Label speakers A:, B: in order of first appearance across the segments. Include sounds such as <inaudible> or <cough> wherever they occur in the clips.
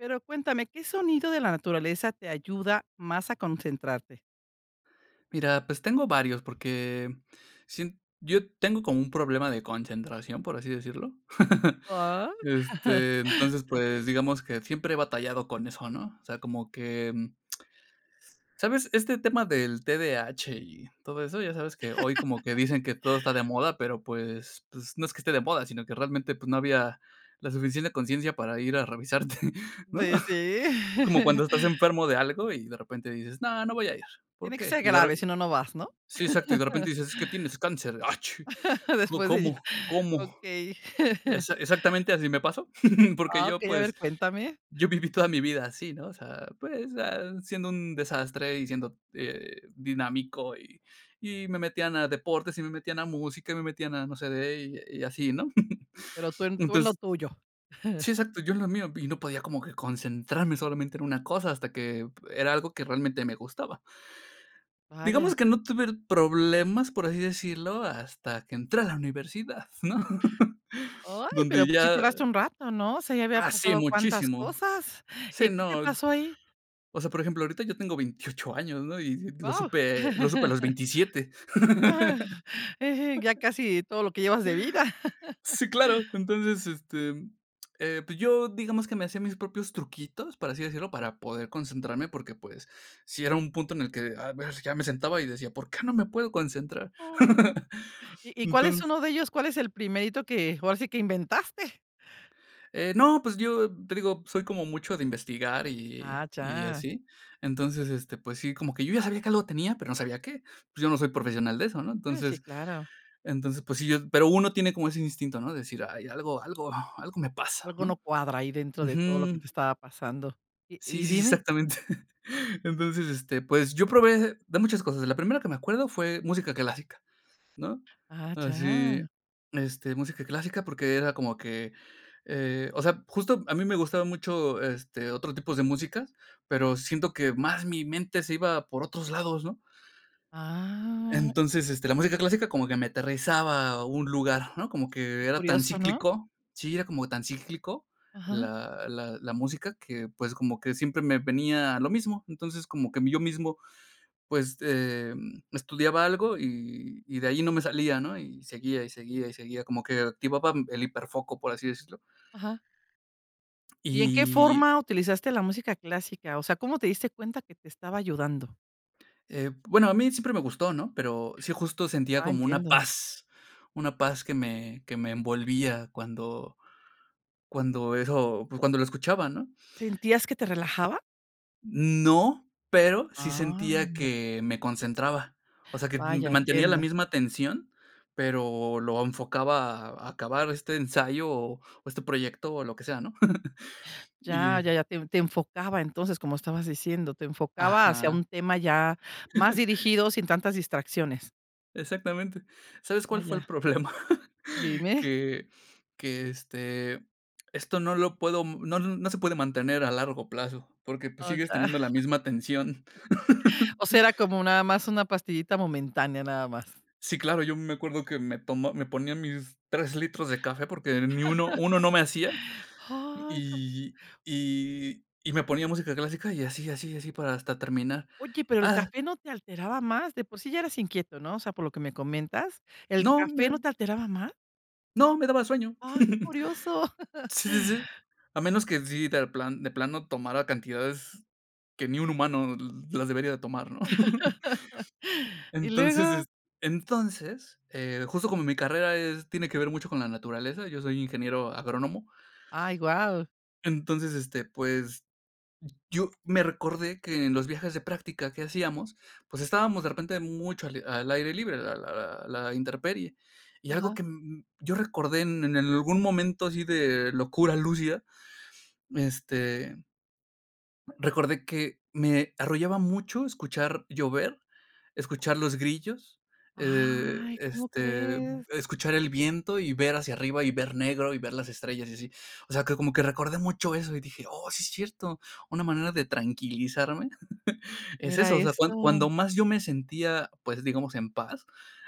A: Pero cuéntame, ¿qué sonido de la naturaleza te ayuda más a concentrarte?
B: Mira, pues, tengo varios, porque, sien yo tengo como un problema de concentración, por así decirlo, <laughs>
A: Oh, ah.
B: este, entonces,
A: <chuckles>
B: pues, digamos que siempre he batallado con eso, ¿no?, o sea, como que, mm ¿Sabes?, este tema del T-D-A-H y todo eso, ya sabes que hoy como que
A: <laughs>
B: dicen que todo está de moda, pero pues pues, no es que esté de moda, sino que realmente, pues, no había la suficiente conciencia para ir a revisarte, ¿no?
A: Sí, sí.
B: <chuckles> Es como cuando estás
A: <chuckles>
B: enfermo de algo y de repente dices: "No, no voy a ir, ¿por
A: Tiene que
B: qué?".
A: ser
B: Y de
A: grave, si
B: re
A: no no vas, ¿no?
B: sí, exacto, y de repente
A: <laughs>
B: dices: "Es que tienes cáncer". "Achi.
A: <laughs>
B: ¿Có
A: Después de
B: cómo?
A: <unintelligible>
B: ¿Cómo?".
A: Okey. <chuckles>
B: Exa exactamente así me pasó, <chuckles> porque yo,
A: Okey, a ver,
B: pues,
A: cuéntame.
B: yo viví toda mi vida así, ¿no?, o sea, pues, ah, siendo un desastre y siendo, eh, dinámico, y y me metían a deportes y me metían a música y me metían a no sé de <unintelligible> y así, ¿no?
A: Pero
B: <chuckles>
A: tú en tú en lo
B: Entonces
A: tuyo.
B: Sí,
A: <chuckles>
B: exacto, yo en lo mío, y no podía como que concentrarme solamente en una cosa hasta que p era algo que realmente me gustaba.
A: Vaya.
B: Digamos que no tuve r problemas, por así decirlo, hasta que entré a la universidad, ¿no?, <laughs>
A: Ay,
B: donde
A: pero pues si
B: ya
A: tardaste un rato, ¿no?, o sea, ya había
B: Hace
A: pasado cuántas
B: muchísimo.
A: cosas,
B: Sí,
A: y, ¿qué te
B: no,
A: pasó ahí?
B: o sea, por ejemplo, ahorita yo tengo 28 años, ¿no?, y lo
A: Wao.
B: supe lo supe a los
A: <laughs>
B: 27.
A: <chuckles> Ya
B: <laughs>
A: casi todo lo que llevas de vida. <laughs>
B: Sí, claro. Entonces, este, eh, pues, yo digamos que me hacía mis propios truquitos, por así decirlo, para poder concentrarme, porque, pues, sí era un punto en el que, a ver, ya me sentaba y decía: "¿Por qué no me puedo concentrar?"
A: Ay.
B: <chuckles>
A: ¿Y y cuál es
B: Entonces
A: 1 de ellos? ¿Cuál es el primerito que ahora sí que inventaste?
B: Eh, no, pues yo, te digo, soy como mucho de investigar y
A: Ah,
B: y
A: ya.
B: así. Entonces, este, pues sí, como que yo ya sabía que algo tenía, pero no sabía qué. Pues yo no soy profesional de eso, ¿no?
A: Eh, sí,
B: Entonces
A: claro.
B: entonces, pues sí, yo pero uno tiene como ese instinto, ¿no?, de decir: "Ay, algo algo algo me pasa,
A: Algo
B: ¿no?".
A: no cuadra ahí dentro de todo lo que te
B: Ujú.
A: estaba pasando. Y
B: Sí,
A: y
B: sí, sí,
A: dime.
B: exactamente. <chuckles> Entonces, este, pues yo probé hacer de muchas cosas. La primera que me acuerdo fue música clásica, ¿no?,
A: Ah,
B: así,
A: ya.
B: este, música clásica, porque era como que, eh, o sea, justo a mí me gustaba mucho, este, otro tipos de música, pero siento que más mi mente se iba por otros lados, ¿no?
A: Ah.
B: Entonces, este, la música clásica como que me aterrizaba a un lugar, ¿no?, como que
A: Qué
B: era tan
A: curioso, ¿no?
B: cíclico, sí, era como tan cíclico,
A: Ajá.
B: la la la música que, pues, como que siempre me venía lo mismo. Entonces, como que, mí yo mismo, pues, em, estudiaba algo y y de ahí no me salía, ¿no?, y seguía, y seguía, y seguía, como que activaba, mm, el hiperfoco, por así decirlo.
A: Ajá. ¿Y en qué
B: Y
A: forma utilizaste la música clásica? O sea, ¿cómo te diste cuenta que te estaba ayudando?
B: Eh, bueno, a mí siempre me gustó, ¿no?, pero sí justo sentía
A: Ah,
B: como una
A: entiendo.
B: paz, una paz que me que me envolvía cuando cuando eso, pues, cuando lo escuchaba, ¿no?
A: ¿Sentías que te relajaba?
B: No, pero sí sentía
A: Ah.
B: que me concentraba, o sea, que, mm,
A: Vaya,
B: mantenía la
A: entiendo.
B: misma atención, pero lo enfocaba a acabar este ensayo o o este proyecto o lo que sea, ¿no? <chuckles>
A: Ya,
B: Y
A: ya, ya, te en te enfocaba. Entonces, como estabas diciendo, te enfocaba hacia
B: Ajá.
A: un tema ya más
B: <chuckles>
A: dirigido, sin tantas distracciones.
B: Exactamente. ¿Sabes cuál fue el
A: Vaya.
B: problema?
A: Dime.
B: que que, este, esto no lo puedo, no n no se puede mantener a largo plazo, porque pues
A: Ah, ya.
B: sigues teniendo la misma tensión.
A: <chuckles>
B: <chuckles>
A: O será cómo nada más, una pastillita momentánea nada más.
B: Sí, claro, yo me acuerdo que me tomó me ponían mis 3 litros de café, porque ni uno uno no me hacía,
A: <chuckles> ¡Ay!, cam
B: y y y y y me ponía música clásica y así así así, para hasta terminar,
A: Oye, ¿pero el
B: ¡ah!
A: café no te alteraba más?, de por sí, ya eras inquieto, ¿no? O sea, por lo que me comentas, ¿el
B: No,
A: café no
B: me
A: te alteraba más?
B: No, me daba sueño.
A: ¡Ah, qué curioso!
B: <chuckles>
A: <chuckles>
B: Sí, sí, sí. A menos que sí, de plan de plano tomara cantidades que ni un humano l las debería de tomar, ¿no? <chuckles>
A: <laughs> ¿Y
B: Entonces, est
A: luego?
B: entonces, eh, justo como mi carrera es tiene que ver mucho con la naturaleza, yo soy ingeniero agrónomo.
A: ¡Ay, guau!
B: Entonces, este, pues, yo me recordé que en los viajes de práctica que hacíamos, pues estábamos de repente mucho al al aire libre, la la la la intemperie. Y algo
A: Ajá.
B: que, mm, yo recordé en en algún momento así de locura, lúcida, este recordé que me arrollaba mucho escuchar llover, escuchar los grillos, eh, de,
A: ¡Ay! ¿Cómo
B: este,
A: crees?
B: escuchar el viento y ver hacia arriba y ver negro y ver las estrellas y así. O sea, que como que recordé mucho eso y dije: "Oh, sí es cierto". Una manera de tranquilizarme <chuckles> es
A: Era
B: eso. O sea, cuand
A: esto.
B: cuando más yo me sentía, pues, digamos, en paz,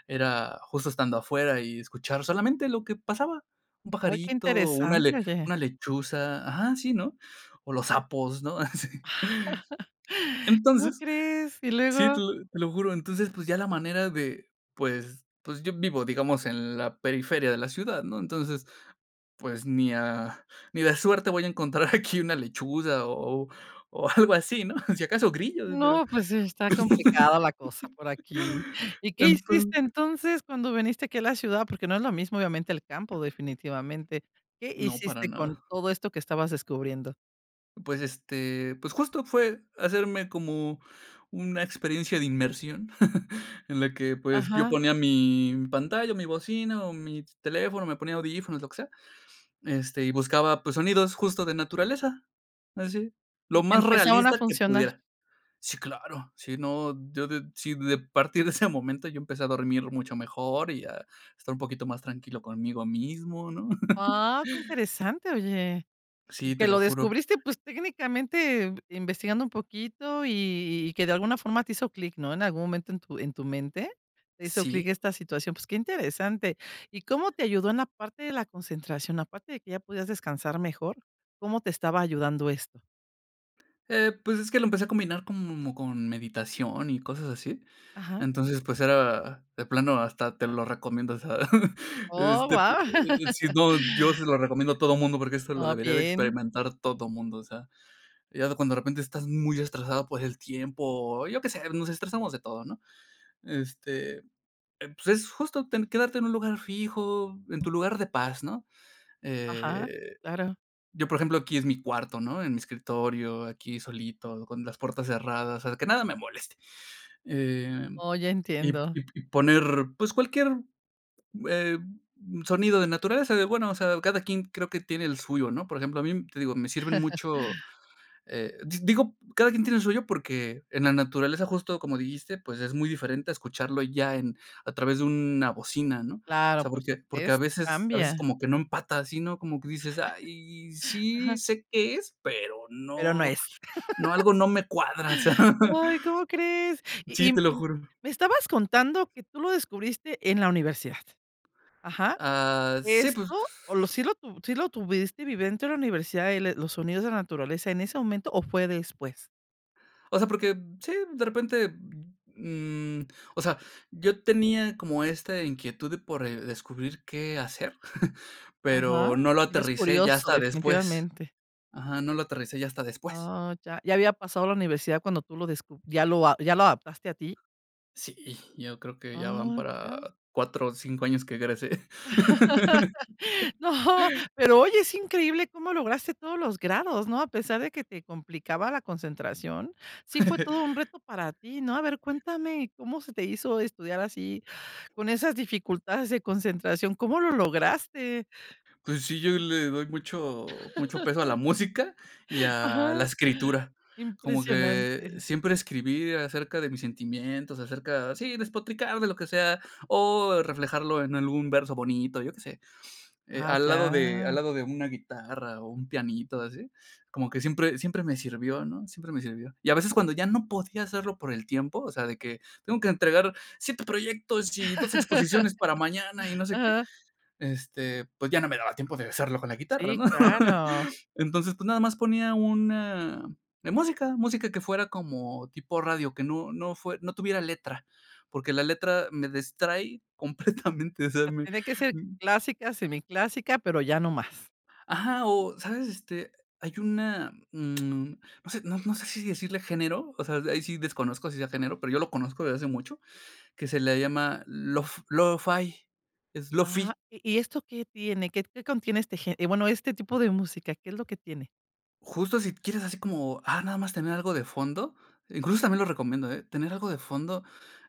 B: era justo estando afuera y escuchar solamente lo que pasaba, un
A: ¡Ay, qué
B: pajarito, una
A: interesante,
B: le
A: oye!
B: una lechuza. Ajá, sí, ¿no? O los sapos, ¿no?, <chuckles> así.
A: <chuckles> ¿Cómo
B: Entonces
A: crees? ¿Y
B: Sí, te
A: luego?
B: lo te lo juro. Entonces, pues, ya la manera de pues pues, yo vivo, digamos, en la periferia de la ciudad, ¿no? Entonces, pues ni a ni de suerte voy a encontrar aquí una lechuza o o o algo así, ¿no? Si acaso grillos, pero,
A: No, pues está complicada la cosa por aquí.
B: <laughs>
A: ¿Y qué
B: enton
A: hiciste entonces, cuando viniste aquí a la ciudad? Porque no es lo mismo, obviamente el campo definitivamente, ¿qué
B: No, para
A: hiciste con
B: nada.
A: todo esto que estabas descubriendo?
B: Pues, este, pues justo fue hacerme como una experiencia de inmersión, <chuckles> en la que, pues, yo
A: Ajá.
B: ponía mi pantalla, mi bocina o mi teléfono, me ponía audífonos, lo que sea. Este, y buscaba, pues, sonidos justo de naturaleza. Así, lo
A: Y te
B: más
A: empezaban a
B: realista que
A: funcionar.
B: pudiera. ¡Sí, claro!, si no, yo de si de partir de ese momento yo empecé a dormir mucho mejor, y a estar un poquito más tranquilo conmigo mismo, ¿no? <chuckles>
A: ¡Ah, qué interesante, oye! Y
B: Sí, te
A: que lo
B: lo juro.
A: descubriste, pues técnicamente, eh, investigando un poquito y y y que de alguna forma te hizo clic, ¿no?, en algún momento en tu en tu mente, te hizo clic
B: Sí.
A: esta situación, pues, qué interesante y, ¿cómo te ayudó en la parte de la concentración aparte de que ya podías descansar mejor? ¿Cómo te estaba ayudando esto?
B: Eh, pues, es que lo empecé a combinar como con meditación y cosas así.
A: Ajá.
B: Entonces, pues, era, de plano hasta te lo recomiendo, o sea, <chuckles>
A: !Oh,
B: este, p
A: wao!
B: eh eh, si
A: <laughs>
B: no, yo se lo recomiendo a todo mundo, porque esto lo
A: Oh,
B: debería de
A: bien.
B: experimentar todo mundo, o sea. Ya cuando de repente estás muy estresado por el tiempo, o yo qué sé, nos estresamos de todo, ¿no? Este, pues, es justo ten quedarte en un lugar fijo, en tu lugar de paz, ¿no?
A: Ajá.
B: Eh,
A: Claro.
B: yo, por ejemplo, aquí es mi cuarto, ¿no? En mi escritorio, aquí solito, con las puertas cerradas, o sea, que nada me moleste. Em,
A: Oh, ya
B: y p
A: entiendo.
B: y p y poner, pues, cualquier, eh, sonido de naturaleza de, bueno, o sea, cada quien creo que tiene el suyo, ¿no? Por ejemplo, a mí, te digo, me sirven
A: <chuckles>
B: mucho, eh, di digo, cada quien tiene el suyo, porque en la naturaleza justo, como dijiste, pues, es muy diferente a escucharlo ya en a través de una bocina, ¿no? O
A: Claro,
B: sea,
A: por
B: porque porque a
A: supuesto,
B: veces a veces
A: cambia.
B: como que no empata así, ¿no? Como que
A: <chuckles>
B: dices: "Ay, sí
A: Ajá.
B: sé qué es, pero
A: Pero no
B: no
A: es.
B: no,
A: <laughs>
B: algo no me cuadra", o sea.
A: Ay, ¿cómo crees?
B: <chuckles> Sí,
A: Y, mm,
B: te lo
A: y, mm,
B: juro.
A: me estabas contando que tú lo descubriste en la universidad. Ajá.
B: Ah, sí, pues.
A: Esto, o lo, ¿sí lo sí lo tuviste <unintelligible> de la universidad, eh, le los sonidos de la naturaleza en ese momento o fue después?
B: O sea, porque sí, de repente, mm, o sea, yo tenía como esta inquietud de por descubrir qué hacer, <chuckles>
A: Ajá,
B: pero no lo
A: ibas es
B: aterricé ya
A: curioso
B: hasta después.
A: definitivamente.
B: Ajá, no lo aterricé ya hasta después.
A: Oh, ya. Ya había pasado la universidad cuando tú lo descu ya lo a ya lo adaptaste a ti.
B: Sí, yo creo que ya van
A: Oh,
B: para
A: ya.
B: 4 o 5 años que egresé.
A: <laughs>
B: <laughs>
A: No, pero oye, es increíble cómo lograste todos los grados, ¿no? A pesar de que te complicaba la concentración, ¿sí fue
B: <chuckles>
A: todo un reto para ti, no? A ver, cuéntame, ¿cómo se te hizo estudiar así con esas dificultades de concentración? ¿Cómo lo lograste?
B: Pues sí, yo le doy mucho, mucho peso a la
A: <laughs>
B: música y a la
A: Ajá,
B: escritura. Como que
A: impresionante.
B: siempre escribí acerca de mis sentimientos, acerca, sí, despotricar de lo que sea, o reflejarlo en algún verso bonito, yo qué sé. Eh,
A: Ah,
B: al lado de al
A: ya.
B: lado de una guitarra o un pianito así, como que siempre siempre me sirvió, ¿no? Siempre me sirvió. Y a veces cuando ya no podía hacerlo por el tiempo, o sea, de que tengo que entregar 7 proyectos y 2 exposiciones para mañana y
A: <laughs>
B: no sé qué,
A: Ajá.
B: este, pues ya no me daba tiempo de hacerlo con la guitarra,
A: Sí,
B: ¿no? <chuckles>
A: claro.
B: Entonces, pues, nada más ponía una de música, música que fuera como tipo radio, que no no fue no tuviera letra, porque la letra me distrae completamente, o sea,
A: Ah,
B: me
A: tiene que ser
B: mm.
A: clásica, semiclásica, pero ya no más.
B: Ajá, o sabes, este, hay una mm, no sé no sé si decirle género. O sea, de ahí sí desconozco si sea género, pero yo lo conozco desde hace mucho, que se le llama lo-f lo-fi, es
A: Ah,
B: lo-fi.
A: ¿y y esto qué tiene? ¿Qué qué contiene este gén? Bueno, este tipo de música, ¿qué es lo que tiene?
B: Justo si quieres así como, ah, nada más tener algo de fondo, incluso también lo recomiendo, ¿eh?, tener algo de fondo,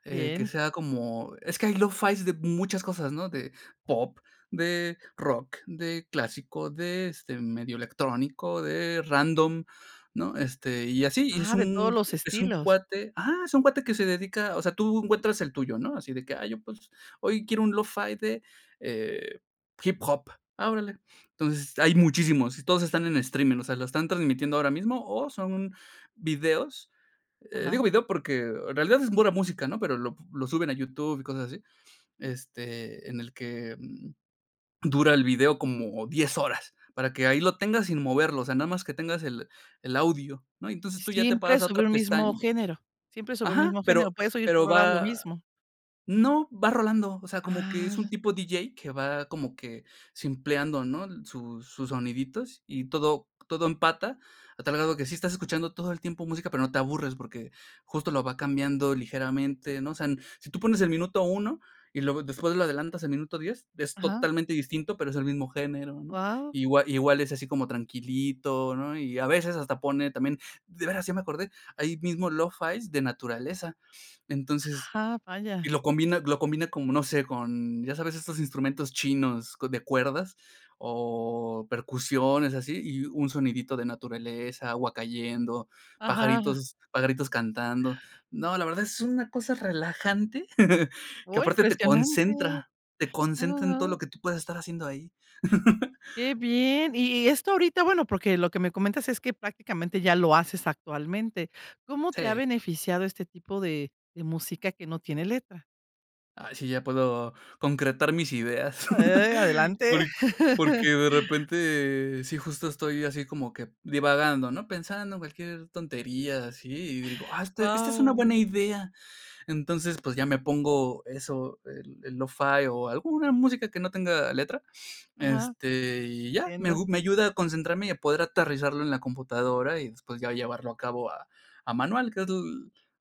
B: eh, que
A: Bien.
B: sea como, es que hay lo-fi de muchas cosas, ¿no?, de pop, de rock, de clásico, de, este, medio electrónico, de random, ¿no?, este, y así. Y es
A: Ah, ¿de todos
B: un
A: los
B: es un
A: estilos?
B: cuate ajá, es un cuate que se dedica, o sea, tú encuentras el tuyo, ¿no?, así de que: "Ay, yo, pues, hoy quiero un lo-fi de, eh, hip hop". Ah, órale. Entonces, hay muchísimos y todos están en streaming, o sea, lo están transmitiendo ahora mismo o son videos, eh, digo
A: Ajá.
B: video porque en realidad es pura música, ¿no?, pero lo lo suben a YouTube y cosas así, este, en el que, mm, dura el video como 10 horas, para que ahí lo tengas sin moverlo, o sea, nada más que tengas el el audio, ¿no?, y
A: ¿Y
B: entonces tú ya te
A: siempre
B: pasas a
A: sobre
B: otra
A: un mismo
B: pestaña
A: género, siempre sobre el
B: Ajá.
A: mismo
B: Pero
A: género, puedes oír
B: pero
A: por horas lo
B: va
A: mismo?
B: no, va rolando, o sea, como que es un
A: Ah.
B: tipo diyei que va como que simpleando, ¿no?, el sus sus soniditos y todo todo empata, a tal grado que sí estás escuchando todo el tiempo música, pero no te aburres porque justo lo va cambiando ligeramente, ¿no? O sea n si tú pones el minuto 1 y luego después lo adelantas al minuto 10 es
A: Ajá.
B: totalmente distinto, pero es el mismo género, ¿no?,
A: Wao.
B: igua igual es así como tranquilito, ¿no?, y, a veces, hasta pone también De veras, ya me acordé, ahí mismo lofi de naturaleza. Entonces,
A: Ah, vaya.
B: y lo combina lo combina como, no sé, con, ya sabes, estos instrumentos chinos co de cuerdas o percusiones y así, y un sonidito de naturaleza, agua cayendo,
A: Ajá.
B: pajaritos pajaritos cantando. No, la verdad es una cosa relajante <chuckles> que
A: Oh,
B: aparte te
A: impresionante.
B: concentra, te
A: No, no,
B: concentra en todo lo
A: no.
B: que tú puedes estar haciendo ahí. <laughs>
A: Qué bien. Y y esto ahorita, bueno, porque lo que me comentas, es que prácticamente ya lo haces actualmente, ¿cómo te ha
B: Sí.
A: beneficiado este tipo de de música que no tiene letra?
B: Ay sí, ya puedo concretar mis ideas. <chuckles>
A: Eh, adelante.
B: Porq porque
A: <chuckles>
B: de repente sí justo estoy así como que divagando, ¿no?, pensando cualquier tontería así, y digo: "Ah, esta-esta es una
A: Wao.
B: buena idea". Entonces, pues ya me pongo eso, el el Lo-fi o alguna música que no tenga letra.
A: Ajá.
B: Este, y ya, me
A: Entiendo.
B: agu me ayuda a concentrarme y a poder aterrizarlo en la computadora y después ya llevarlo a cabo a a manual, que es l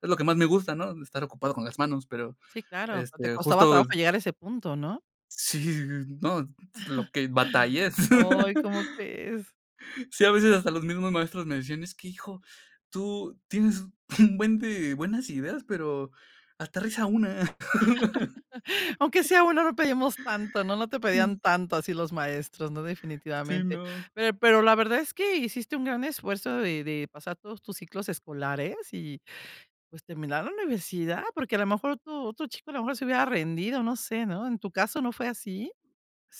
B: es lo que más me gusta, ¿no?, estar ocupado con las manos. Pero,
A: Sí, claro. O te
B: este,
A: costaba
B: justo
A: trabajo llegar a ese punto, ¿no?
B: Sí sí sí sí no, lo que batallé.
A: <chuckles> Ay, ¿cómo crees?
B: <chuckles> Sí, a veces hasta los mismos maestros me decían: "Es que, hijo, tú tienes un buen de buenas ideas, pero aterriza una.
A: <chuckles> Aunque
B: <chuckles>
A: sea uno, no pedimos tanto, ¿no? No te pedían tanto así los maestros, ¿no?,
B: Sí,
A: definitivamente.
B: no.
A: Pero pero la verdad es que hiciste un gran esfuerzo de de pasar todos tus ciclos escolares y, pues, terminar la universidad, porque a la mejor otro otro chico a lo mejor se hubiera rendido, no sé, ¿no? ¿En tu caso no fue así?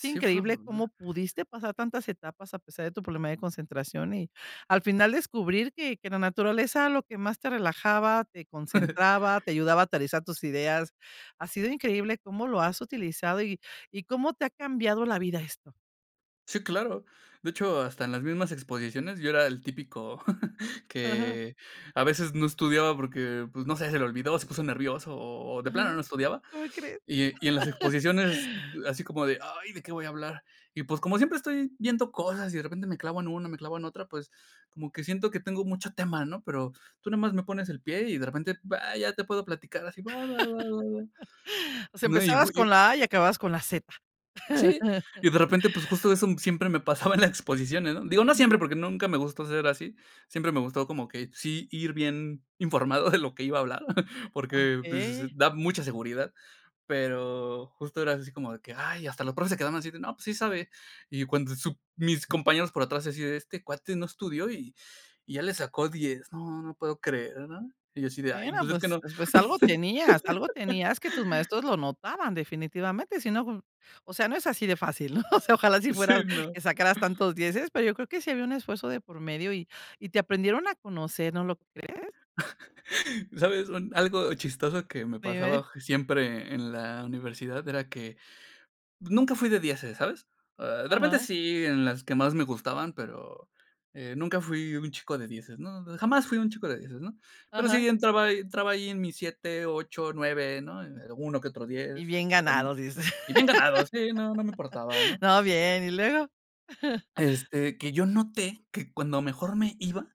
A: Es
B: fue
A: increíble cómo
B: <unintelligible>
A: pudiste pasar tantas etapas a pesar de tu problema de concentración y al final descubrir que que la naturaleza lo que más te relajaba, te concentraba,
B: <chuckles>
A: te ayudaba a aterrizar tus ideas. Ha sido increíble cómo lo has utilizado y y cómo te ha cambiado la vida esto.
B: Sí, claro. De hecho, hasta en las mismas exposiciones, yo era el típico <chuckles>
A: Ajá.
B: que a veces no estudiaba porque, pues, no sé, se le olvidó, se puso nervioso o o de
A: Ajá,
B: plano no estudiaba.
A: ¿cómo crees?
B: Y e y en las
A: <chuckles>
B: exposiciones, así como de: "Ay, ¿de qué voy a hablar?". Y, pues, como siempre estoy viendo cosas y de repente me clavo en una, me clavo en otra, pues, como que siento que tengo mucho tema, ¿no? Pero tú nomás me pones el pie y de repente ah, ya te puedo platicar así, va va va va va,
A: <chuckles> O sea
B: ¿no?
A: empezabas con
B: <unintelligible>
A: la A y acababas con la Z.
B: Sí. Y
A: <chuckles>
B: de repente, pues justo eso siempre me pasaba en la exposiciónes, ¿no? Digo, no siempre,
A: <unintelligible>
B: porque nunca me gustó ser así. Siempre me gustó como que sí ir bien informado de lo que iba a hablar, porque, pues s
A: Okey.
B: da mucha seguridad. Pero justo era así como de que: "Ay, hasta los profes se quedaban así de, no, pues, sí sabe". Y cuando sup mis compañeros por atrás así de: "Este cuate no estudió y y ya le sacó 10 no, no lo puedo creer, ¿no? Y yo así de: "Ay,
A: Bueno,
B: pues, es que
A: pues
B: no"
A: pues algo tenías algo
B: <chuckles>
A: tenías que tus maestros lo notaban definitivamente, si no o sea, no es así de fácil, ¿no?, <chuckles> o sea, ojalá así fuera
B: Sí, no.
A: que sacaras tantos dieces pero yo creo que sí había un esfuerzo de por medio y y te aprendieron a conocer, ¿no lo crees?
B: <chuckles> ¿Sabes?, un algo chistoso que me
A: Dime.
B: pasaba je siempre en la universidad era que nunca fui de dieces, ¿sabes?, eh, e repente,
A: Ajá.
B: sí, en las que más me gustaban, pero eh, nunca fui un chico de dieces, ¿no? Jamás fui un chico de dieces, ¿no? Pero sí,
A: Ajá.
B: entraba ahi entraba ahí en mis 7 8 9 ¿no? En eh, uno que otro
A: Y
B: 10
A: bien
B: en
A: ganado, dice.
B: y bien ganado, sí, no, no me importaba,
A: <chuckles>
B: ¿no?
A: No, bien, ¿y luego? <chuckles>
B: Este, que yo noté que cuando mejor me iba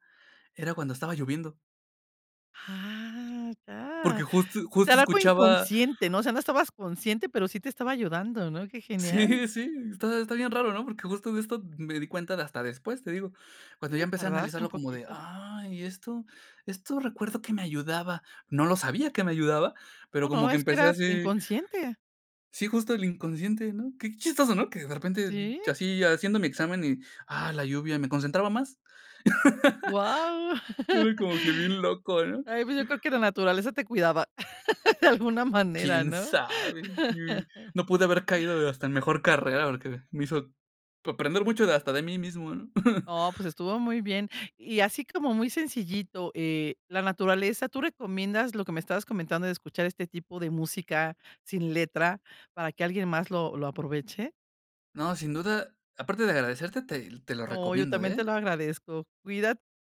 B: era cuando estaba lloviendo.
A: Ah ya.
B: Porque justo
A: O sea
B: justo
A: era algo
B: escuchaba
A: inconsciente, ¿no? O sea, no estabas consciente, pero sí te estaba ayudando, ¿no?, qué genial.
B: Sí, sí, está está bien raro, ¿no? Porque justo de esto me di cuenta de hasta después, te digo. Cuando ya
A: Si,
B: empecé a
A: tardaste un
B: analizarlo como de:
A: poquito.
B: "Ay, ¿y esto?" Esto recuerdo que me ayudaba. No lo sabía que me ayudaba,
A: No,
B: pero
A: no,
B: como que
A: es que
B: empecé
A: era
B: así
A: inconsciente.
B: sí justo el inconsciente, ¿no? Qué chistoso, ¿no? Que de repente,
A: ¿Sí?
B: llo así haciendo mi examen y, ah, la lluvia me concentraba más.
A: Wao,
B: <chuckles>
A: <chuckles>
B: Era como que bien loco, ¿no?
A: ay pues yo creo que la naturaleza te cuidaba <chuckles> de alguna manera,
B: Quién
A: ¿no?
B: sabe. Y,
A: <chuckles>
B: no pude haber caído hasta en mejor carrera, porque me hizo aprender mucho de hasta de mí mismo, ¿no? <chuckles>
A: No pues estuvo muy bien. Y así como muy sencillito, eh, la naturaleza, ¿tú recomiendas lo que me estabas comentando de escuchar este tipo de música sin letra para que alguien más lo lo aproveche?
B: No, sin duda, aparte de agradecerte, te te lo
A: Oh, yo
B: recomiendo,
A: también
B: ¿eh?
A: te lo agradezco. Cuidat